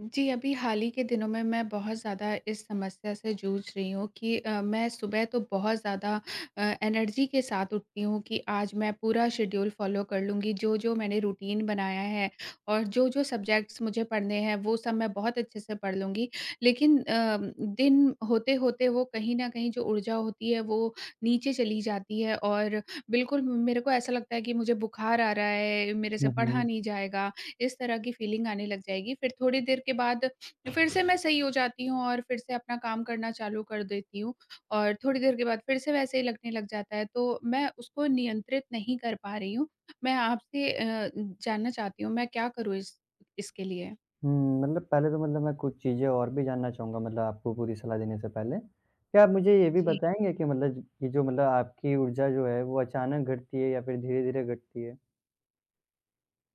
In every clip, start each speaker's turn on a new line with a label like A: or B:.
A: जी, अभी हाल ही के दिनों में मैं बहुत ज़्यादा इस समस्या से जूझ रही हूँ कि अ, मैं सुबह तो बहुत ज़्यादा अ, एनर्जी के साथ उठती हूँ कि आज मैं पूरा शेड्यूल फॉलो कर लूँगी, जो-जो मैंने रूटीन बनाया है और जो-जो सुबजेक्ट्स मुझे पढ़ने हैं वो सब मैं बहुत अच्छे से पढ़ लूँगी। लेकिन अ, दिन होते-होते वो कहीं न कहीं जो ऊर्जा होती है वो, नीचे चली जाती है और बिल्कुल म मेरे को ऐसा लगता है कि मुझे बुखार आ रहा है, मेरे से
B: हुँ,
A: पढ़ा
B: हुँ।
A: नहीं जाएगा। इस तरह की फीलिंग आने लग जाएगी फिर थोड़ी देर के बाद फिर से मैं सही हो जाती हूँ और फिर से अपना काम करना चालू कर देती हूँ और थोड़ी देर के बाद फिर से वैसे ही लगने लग जाता है, तो मैं उसको नियंत्रित नहीं कर पा रही हूँ। मैं आपसे अ, जानना चाहती हूँ मैं क्या करूँ इस इसके लिए?
B: हुँ, मतलब पहले तो मतलब मैं कुछ चीज़ें और भी जानना चाहूँगा मतलब आपको पूरी सलाह देने से पहले। क्या आप मुझे ये भी
A: जी।
B: बताएँगे कि मतलब ये जो मतलब आपकी ऊर्जा जो है वो अचानक घटती है या फिर धीरे-धीरे घटती है?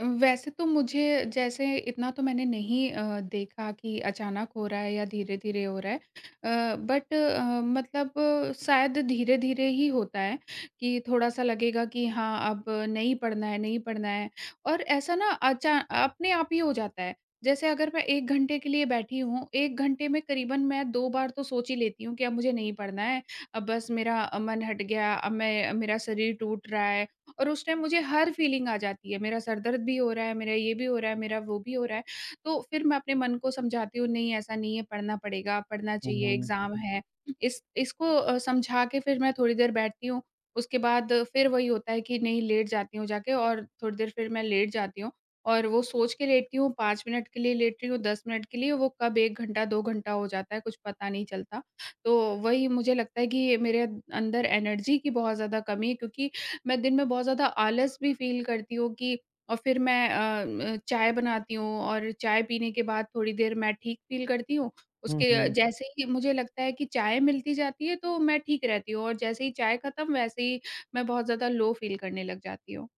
A: उम, वैसे तो मुझे जैसे इतना तो मैंने नहीं अ, देखा कि अचानक हो रहा है या धीरे-धीरे हो रहा है। अ, बट अ, मतलब शायद धीरे-धीरे ही होता है, कि थोड़ा-सा लगेगा कि हाँ, अब नहीं पढ़ना है, नहीं पढ़ना है और ऐसा ना अचा अपने आप ही हो जाता है। जैसे अगर मैं 1 घंटे के लिए बैठी हूँ, 1 घंटे में करीबन मैं 2 बार तो सोच ही लेती हूँ कि अब मुझे नहीं पढ़ना है, अब बस मेरा मन हट गया, अब मैं मेरा शरीर टूट रहा है और उस टाइम मुझे हर फीलिंग आ जाती है, मेरा सर दर्द भी हो रहा है, मेरा ये भी हो रहा है, मेरा वो भी हो रहा है। तो फिर मैं अपने मन को समझाती हूँ नहीं ऐसा नहीं है पढ़ना पड़ेगा, पढ़ना
B: हुँ,
A: चाहिए
B: हुँ।
A: एग्ज़ैम है इस इसको अ, समझा के फिर मैं थोड़ी देर बैठती हूँ, उसके बाद फिर वही होता है कि नहीं लेट जाती हूँ जाके और थोड़ी देर फिर मैं लेट जाती हूँ और वो सोच के लेटती हूँ 5 मिनट के लिए लेटती हूँ, 10 मिनट के लिए, वो कब 1 घंटा, 2 घंटा हो जाता है कुछ पता नहीं चलता। तो, वही मुझे लगता है कि मेरे अंदर एनर्जी की बहुत ज़्यादा कमी है क्योंकि मैं दिन में बहुत ज़्यादा आलस भी फ़ील करती हूँ कि और फिर मैं अ, उम, चाय बनाती हूँ और चाय पीने के बाद थोड़ी देर मैं ठीक फ़ील करती हूँ,
B: हुँ,
A: उसके
B: हुँ।
A: जैसे ही मुझे लगता है कि चाय मिलती जाती है तो मैं ठीक रहती हूँ और जैसे ही चाय खत्म वैसे ही मैं बहुत ज़्यादा लो फ़ील करने लग जाती हूँ।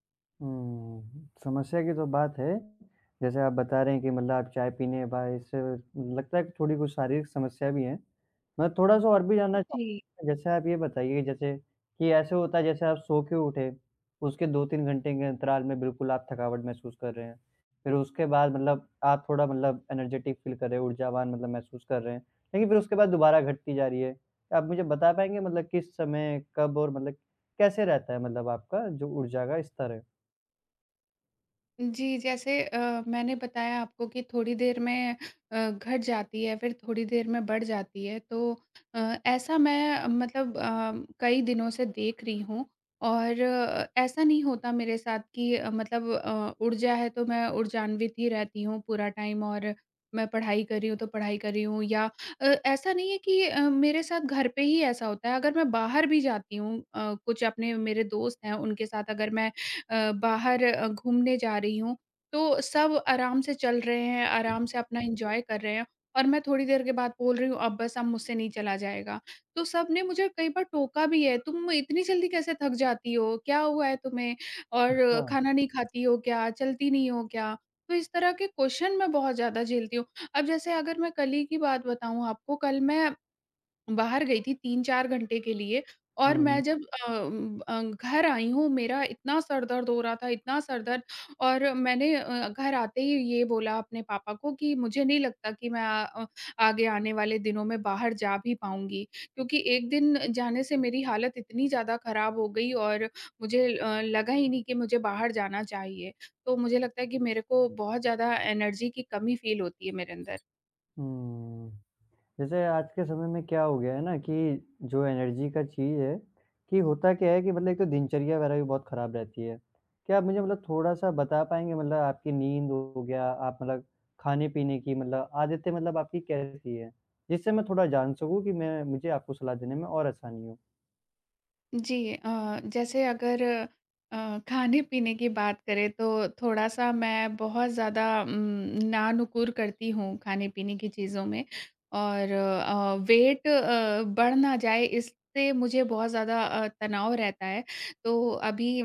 B: हम्म, समस्या की तो बात है। जैसे आप बता रहे हैं कि मतलब आप चाय पीने के बाद ऐसे लगता है कि थोड़ी कुछ शारीरिक समस्या भी है। मैं थोड़ा-सा और भी
A: उ
B: जानना
A: जी।
B: चाहूँगा। जैसे आप ये बताइए जैसे कि ऐसे होता है जैसे आप सोके उठे उसके 2-3 घंटे के अंतराल में बिल्कुल आप थकावट महसूस कर रहे हैं। फिर उसके बाद मतलब आप थोड़ा मतलब एनर्जेटिक फ़ील कर रहे हैं, ऊर्जावान मतलब महसूस कर रहे हैं। लेकिन फिर उसके बाद दोबारा घटती जा रही है। आप मुझे बता पाएँगे मतलब किस समय कब और मतलब कैसे रहता है मतलब आपका जो ऊर्जा का स्तर है?
A: जी, जैसे अ, मैंने बताया आपको कि थोड़ी देर में अ, घट जाती है फिर थोड़ी देर में बढ़ जाती है। तो अ, ऐसा मैं मतलब अ, कई दिनों से देख रही हूँ और ऐसा नहीं होता मेरे साथ कि अ, मतलब अ, ऊर्जा है तो मैं ऊर्जान्वित ही रहती हूँ पूरा टाइम और मैं पढ़ाई कर रही हूँ तो पढ़ाई कर रही हूँ या अ, ऐसा नहीं है कि अ, मेरे साथ घर पे ही ऐसा होता है। अगर मैं बाहर भी जाती हूँ अ, कुछ अपने मेरे दोस्त हैं उनके साथ अगर मैं अ, बाहर घूमने जा रही हूँ तो सब आराम से चल रहे हैं, आराम से अपना एंजॉय कर रहे हैं और मैं थोड़ी देर के बाद बोल रही हूँ अब बस अब मुझसे नहीं चला जाएगा। तो सबने मुझे कई बार टोका भी है। तुम इतनी जल्दी कैसे थक जाती हो? क्या हुआ है तुम्हें? और
B: अच्छा।
A: खाना नहीं खाती हो क्या? चलती नहीं हो क्या? तो इस तरह के क्वेश्चन मैं बहुत ज़्यादा झेलती हूँ। अब जैसे अगर मैं कल ही की बात बताऊँ आपको कल मैं बाहर गई थी 3-4 घंटे के लिए और मैं
B: हुँ।
A: जब अ उम उम अ, घर आई हूँ मेरा इतना सर दर्द हो रहा था, इतना सर दर्द और मैंने अ, घर आते ही ये बोला अपने पापा को कि मुझे नहीं लगता कि मैं अ, आगे आने वाले दिनों में बाहर जा भी पाऊँगी। क्योंकि एक दिन जाने से मेरी हालत इतनी ज़्यादा खराब हो गई और मुझे अ, लगा ही नहीं कि मुझे बाहर जाना चाहिए। तो मुझे लगता है कि मेरे को बहुत ज़्यादा एनर्जी की कमी फ़ील होती है मेरे अंदर।
B: हम्म। जैसे आज के समय में क्या हो गया है ना कि जो एनर्जी का चीज़ है, कि होता क्या है कि मतलब एक तो दिनचर्या वगैरह भी बहुत खराब रहती है। क्या आप मुझे मतलब थोड़ा-सा बता पाएँगे मतलब आपकी नींद हो गया, आप मतलब खाने-पीने की मतलब आदतें मतलब आपकी कैसी है? जिससे मैं थोड़ा जान सकूँ कि मैं मुझे आपको सलाह देने में और आसानी हो।
A: जी अ, जैसे अगर अ, ख़ाने-पीने की बात करें तो थोड़ा-सा मैं बहुत ज़्यादा उम, ना-नुकुर करती हूँ ख़ाने-पीने की चीज़ों में और अ, वेट अ, बढ़ ना जाए इससे मुझे बहुत ज़्यादा अ, तनाव रहता है। तो अभी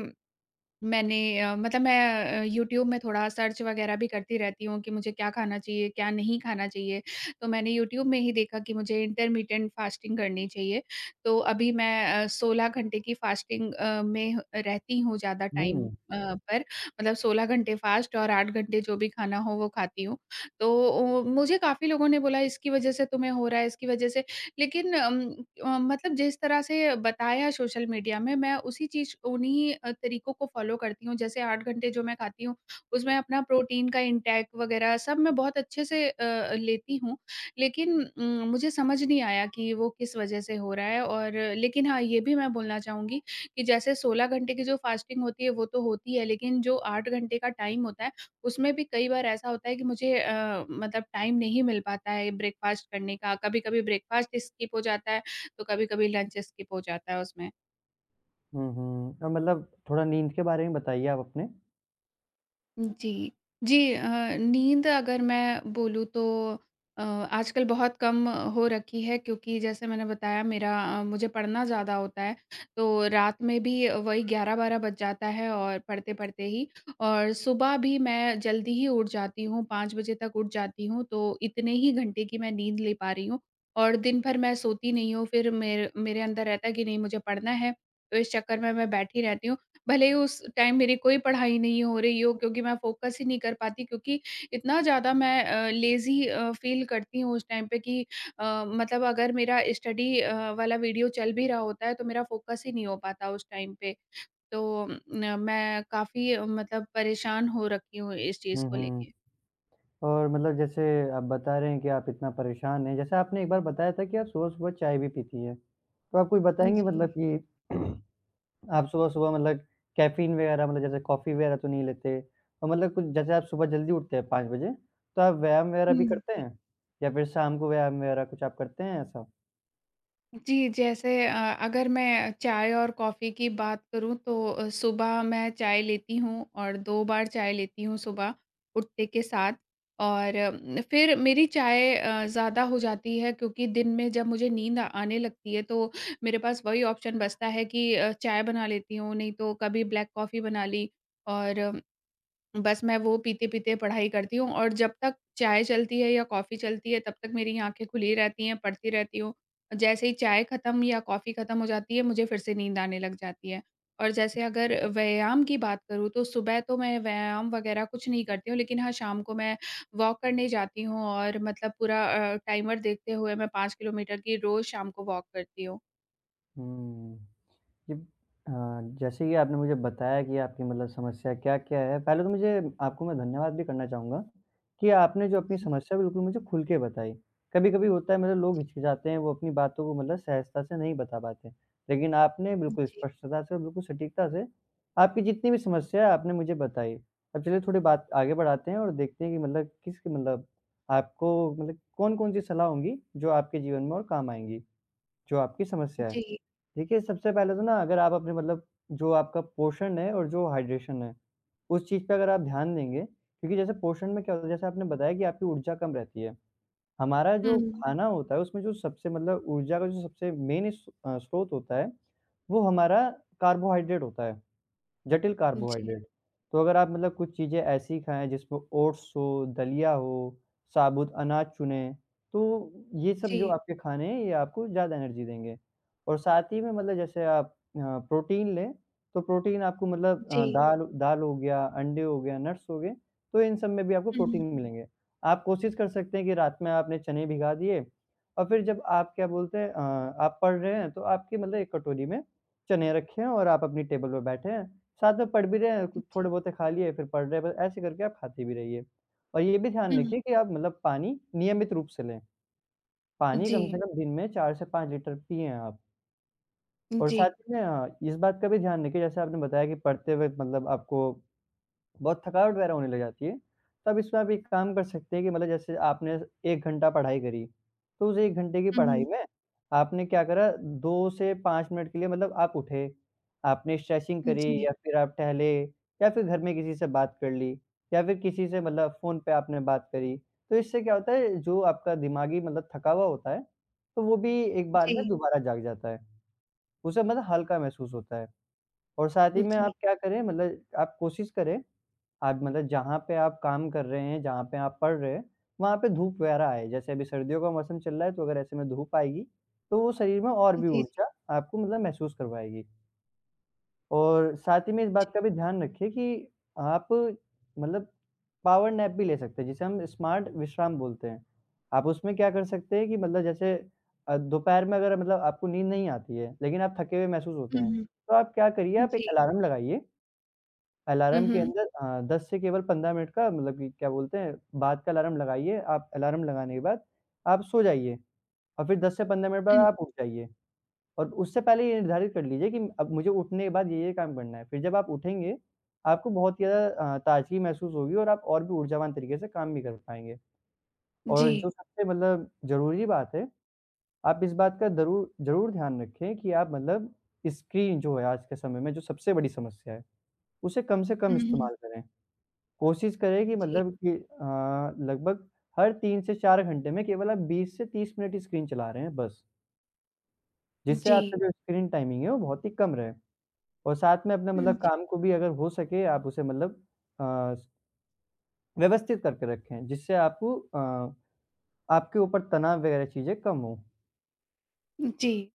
A: मैंने अ, मतलब मैं अ, यूट्यूब में थोड़ा सर्च वग़ैरह भी करती रहती हूँ कि मुझे क्या ख़ाना चाहिए, क्या नहीं ख़ाना चाहिए। तो मैंने यूट्यूब में ही देखा कि मुझे इंटरमिटेंट फास्टिंग करनी चाहिए। तो अभी मैं अ, 16 घंटे की फास्टिंग अ, में अ, रहती हूँ ज़्यादा टाइम
B: हुँ।
A: अ, पर मतलब 16 घंटे फास्ट और 8 घंटे जो भी ख़ाना हो वो ख़ाती हूँ। तो ओ मुझे काफ़ी लोगों ने बोला इसकी वजह से तुम्हें हो रहा है इसकी वजह से। लेक़िन अम अ, मतलब जिस तरह से बताया सोशल मीडिया में मैं उसी चीज़ को उन्हीं अ, तरीकों को फॉलो करती हूँ जैसे 8 घंटे जो मैं ख़ाती हूँ उसमें अपना प्रोटीन का इंटेक वग़ैरह सब मैं बहुत अच्छे से अ अ, लेती हूँ। लेक़िन उम, मुझे समझ नहीं आया कि वो किस वजह से हो रहा है और लेक़िन हाँ ये भी मैं बोलना चाहूँगी कि जैसे 16 घंटे की जो फास्टिंग होती है वो तो होती है लेक़िन जो 8 घंटे का टाइम होता है उसमें भी कई बार ऐसा होता है कि मुझे अ, मतलब टाइम नहीं मिल पाता है ब्रेकफास्ट का। कभी-कभी ब्रेकफास्ट स्किप हो जाता है, तो कभी-कभी लंच स्किप हो जाता है उसमें।
B: हुँ, हुँ। अ, मतलब, थोड़ा नींद के बारे में बताइए आप अपने।
A: जी, जी अ, नींद अगर मैं बोलूँ, तो अ, आजकल बहुत कम हो रखी है क्योंकि जैसे मैंने बताया मेरा अ, मुझे पढ़ना ज़्यादा होता है, तो रात में भी वही 11-12 बज जाता है और पढ़ते-पढ़ते ही और सुबह भी मैं जल्दी ही उठ जाती हूँ 5:00 बजे तक उठ जाती हूँ, तो इतने ही घंटे की मैं नींद ले पा रही हूँ और दिन-भर मैं सोती नहीं हूँ फिर मेर मेरे अंदर रहता कि नहीं, मुझे पढ़ना है तो इस चक्कर में मैं बैठी रहती हूँ भले उस टाइम मेरी कोई पढ़ाई नहीं हो रही हो क्योंकि मैं फ़ोकस ही नहीं कर पाती क्योंकि इतना ज़्यादा मैं अ, लेज़ी अ, फ़ील करती हूँ उस टाइम पे कि अ, मतलब, अगर मेरा स्टडी अ, वाला वीडियो चल भी रहा होता है, तो मेरा फ़ोकस ही नहीं हो पाता उस टाइम पे। तो न मैं काफ़ी मतलब, परेशान हो रखी हूँ इस चीज़
B: हुँ,
A: को
B: हुँ।
A: लेके।
B: और मतलब, जैसे आप बता रहे हैं कि आप इतना परेशान हैं। जैसे आपने एक बार बताया था कि आप सुबह-सुबह चाय भी पीती हैं। तो आप कुछ
A: उ
B: बताएंगे
A: जी।
B: मतलब, कि आप सुबह-सुबह मतलब, कैफ़ीन वगैरह मतलब, जैसे कॉफ़ी वगैरह तो नहीं लेते। तो मतलब, कुछ जैसे आप सुबह जल्दी उठते हैं 5:00 बजे, तो आप व्यायाम वगैरह भी
A: हुँ,
B: करते
A: जी।
B: हैं या फिर शाम को व्यायाम वगैरह कुछ आप करते हैं ऐसा?
A: जी, जैसे अ, अगर मैं चाय और कॉफी की बात करूँ तो अ, सुबह मैं चाय लेती हूँ और 2 बार चाय लेती हूँ सुबह, उठते के साथ। और उम, फिर मेरी चाय अ, ज़्यादा हो जाती है क्योंकि दिन में जब मुझे नींद आने लगती है तो मेरे पास वही ऑप्शन बचता है कि अ, चाय बना लेती हूँ, नहीं तो कभी ब्लैक कॉफी बना ली और बस मैं वो पीते-पीते पढ़ाई करती हूँ और जब तक चाय चलती है या कॉफी चलती है तब तक मेरी आँखें खुली रहती हैं, पढ़ती रहती हूँ। जैसे ही चाय खत्म या कॉफी खत्म हो जाती है मुझे फिर से नींद आने लग जाती है। और जैसे अगर व्यायाम की बात करूँ तो सुबह तो मैं व्यायाम वगैरह कुछ नहीं करती हूँ लेकिन हाँ, शाम को मैं वॉक करने जाती हूँ और मतलब पूरा अ, टाइमर देखते हुए मैं 5 किलोमीटर की रोज़ शाम को वॉक करती हूँ।
B: हुँ, ये अ, जैसे कि आपने मुझे बताया कि आपकी मतलब समस्या क्या-क्या है। पहले तो मुझे आपको मैं धन्यवाद भी करना चाहूँगा कि आपने जो अपनी
A: जी।
B: समस्या बिल्कुल मुझे खुल के बताई, कभी-कभी होता है मतलब लोग हिचकिचाते हैं वो अपनी बातों को मतलब सहजता से नहीं बता पाते, लेकिन आपने
A: हुँ,
B: बिल्कुल
A: जी।
B: स्पष्टता से और बिल्कुल सटीकता से आपकी जितनी भी समस्या है आपने मुझे बताई। अब चलिए थोड़ी बात आगे बढ़ाते हैं और देखते हैं कि मतलब किस मतलब आपको मतलब कौन-कौन-सी सलाह होंगी जो आपके जीवन में और काम आएँगी, जो आपकी समस्या है।
A: जी।
B: देखिए, सबसे पहले तो ना अगर आप अपने मतलब जो आपका पोर्शन है और जो हाइड्रैशन है, उस चीज़ पे अगर आप ध्यान देंगे, क्योंकि जैसे पोर्शन में क्या होता है, जैसे आपने बताया कि आपकी ऊर्जा कम रहती है, हमारा जो
A: हुँ।
B: खाना होता है उसमें जो सबसे मतलब ऊर्जा का जो सबसे मेन स्रोत होता है वो हमारा कार्बोहाइड्रट होता है, जटिल
A: जी।
B: कार्बोहाइड्रट। तो अगर आप मतलब कुछ चीज़ें ऐसी खाएँ जिसमें ओट्स हो, दलिया हो, साबुत अनाज चुनें, तो ये सब जो
A: जी।
B: आपके खाने हैं ये आपको ज़्यादा एनर्जी देंगे और साथ ही में मतलब जैसे आप अ, प्रोटीन लें, तो प्रोटीन आपको मतलब अ,
A: जी।
B: दाल दाल हो गया, अंडे हो गया, नट्स हो गए तो इन सब में भी आपको
A: हुँ,
B: प्रोटीन
A: हुँ।
B: ही मिलेंगे। आप कोशिश कर सकते हैं कि रात में आपने चने भिगा दिए और फिर जब आप क्या बोलते हैं अ, आप पढ़ रहे हैं तो आपकी मतलब एक कटोरी में चने रखे हैं और आप अपनी टेबल पे बैठे हैं। साथ में पढ़ भी रहे हैं,
A: जी।
B: थोड़े-बहुते खा लिए फिर पढ़ रहे हैं, बस ऐसे करके आप खाती भी रहिए और ये भी ध्यान
A: हुँ, हुँ।
B: रखिए कि आप मतलब पानी नियमित रूप से लें। पानी कम से
A: जी।
B: कम दिन में 4 से 5 लिटर पिएँ आप।
A: उ,
B: और साथ
A: जी।
B: ही में इस बात का भी ध्यान रखिए जैसे आपने बताया कि पढ़ते हुए मतलब आपको बहुत थकवाट वग़ैरह होने लग जाती है। तब इसमें आप एक काम कर सकते हैं कि मतलब जैसे आपने 1 घंटा पढ़ाई करी, तो उस 1 घंटे की
A: हुँ,
B: पढ़ाई
A: हुँ।
B: में आपने क्या करा 2 से 5 मिनट के लिए मतलब आप उठे। आपने स्ट्रेचिंग
A: हुँ,
B: करी
A: जी।
B: या फिर आप टहले या फिर घर में किसी से बात कर ली या फिर किसी से मतलब फ़ोन पे आपने बात करी। तो इससे क्या होता है जो आपका दिमागी मतलब थका हुआ होता है तो वो भी एक
A: उ,
B: बार में
A: जी।
B: दोबारा जाग जाता है। उसे मतलब हल्का महसूस होता है और साथ ही
A: उ,
B: में
A: जी।
B: आप क्या करें मतलब आप कोशिश करें आप मतलब जहाँ पर आप काम कर रहे हैं, जहाँ पर आप पढ़ रहे हैं, वहाँ पर धूप वग़ैरह आए। जैसे अभी सर्दियों का मौसम चल रहा है तो अगर ऐसे में धूप आएगी, तो वो शरीर में और
A: उ,
B: भी
A: जी।
B: ऊर्जा आपको मतलब महसूस करवाएगी। और साथ ही में इस
A: जी।
B: बात का भी ध्यान रखिए कि आप मतलब पॉवर नेप भी ले सकते हैं, जिसे हम स्मार्ट विश्राम बोलते हैं। आप उसमें क्या कर सकते हैं कि मतलब जैसे दोपहर में अगर मतलब आपको नींद नहीं आती है, लेकिन आप थके हुए महसूस होते
A: हुँ,
B: हैं
A: हुँ।
B: तो आप क्या करिए
A: उ,
B: आप एक
A: जी।
B: अलार्म लगाइए।
A: हुँ,
B: अलार्म के
A: हुँ।
B: अंदर अ, 10 से केवल 15 मिनट का मतलब कि क्या बोलते हैं बाद का अलार्म लगाइए। आप अलार्म लगाने के बाद आप सो जाइए और फिर 10 से 15 मिनट बाद
A: हुँ।
B: आप उठ जाइए और उससे पहले ये निर्धारित कर लीजिए कि अब मुझे उठने के बाद ये-ये काम करना है, फिर जब आप उठेंगे आपको बहुत ज़्यादा अ, ताजगी महसूस होगी और आप और भी ऊर्जावान तरीके से काम भी कर पाएँगे। और जो
A: जी।
B: सबसे मतलब ज़रूरी बात है आप इस बात का ज़रू ज़रूर ध्यान रखें कि आप मतलब स्क्रीन जो है आज के समय में जो सबसे बड़ी समस्या है उसे कम से कम
A: हुँ, हुँ।
B: इस्तेमाल करें। कोशिश करें कि
A: उ, जी।
B: मतलब कि अ, लगभग हर 3 से 4 घंटे में केवल आप 20 से 30 मिनट ही स्क्रीन चला रहे हैं बस।
A: उ,
B: जिससे आपका
A: जी।
B: जो स्क्रीन टाइमिंग है वो बहुत ही कम रहे और साथ में अपना
A: हुँ,
B: मतलब
A: जी।
B: काम को भी अगर हो सके आप उसे मतलब अ स व्यवस्थित करके रखें जिससे आपको अ आपके ऊपर तनाव वगैरह चीज़ें कम हों।
A: उ, जी।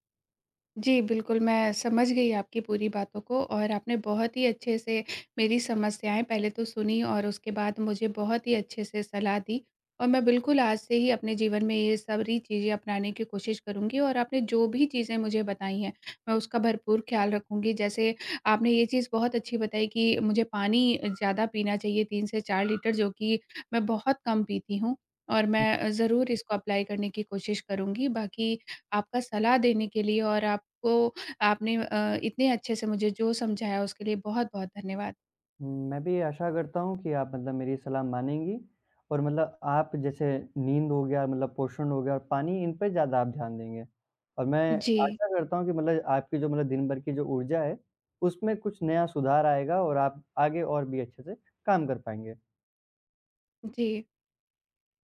A: जी बिल्कुल मैं समझ गई आपकी पूरी बातों को और आपने बहुत ही अच्छे से मेरी समस्याएँ पहले तो सुनी और उसके बाद मुझे बहुत ही अच्छे से सलाह दी। और मैं बिल्कुल आज से ही अपने जीवन में ये सारी चीज़ें अपनाने की कोशिश करूँगी और आपने जो भी चीज़ें मुझे बताई हैं, मैं उसका भरपूर ख़्याल रखूँगी। जैसे आपने ये चीज़ बहुत अच्छी बताई कि मुझे पानी ज़्यादा पीना चाहिए 3 से 4 लीटर जो कि मैं बहुत कम पीती हूँ और मैं ज़रूर इसको अप्लाई करने की कोशिश करूँगी। बाकी आपका सलाह देने के लिए और आपको आपने अ, इतने अच्छे से मुझे जो समझाया, उसके लिए बहुत-बहुत धन्यवाद।
B: हुँ, मैं भी आशा करता हूँ कि आप मतलब मेरी सलाह मानेंगी और मतलब आप जैसे नींद हो गया मतलब पोषण हो गया और पानी इन पे ज़्यादा आप ध्यान देंगे। और मैं
A: जी।
B: आशा करता हूँ कि मतलब आपकी जो मतलब दिन-भर की जो ऊर्जा है, उसमें कुछ नया सुधार आएगा और आप आगे और भी अच्छे से काम कर पाएँगे।
A: जी।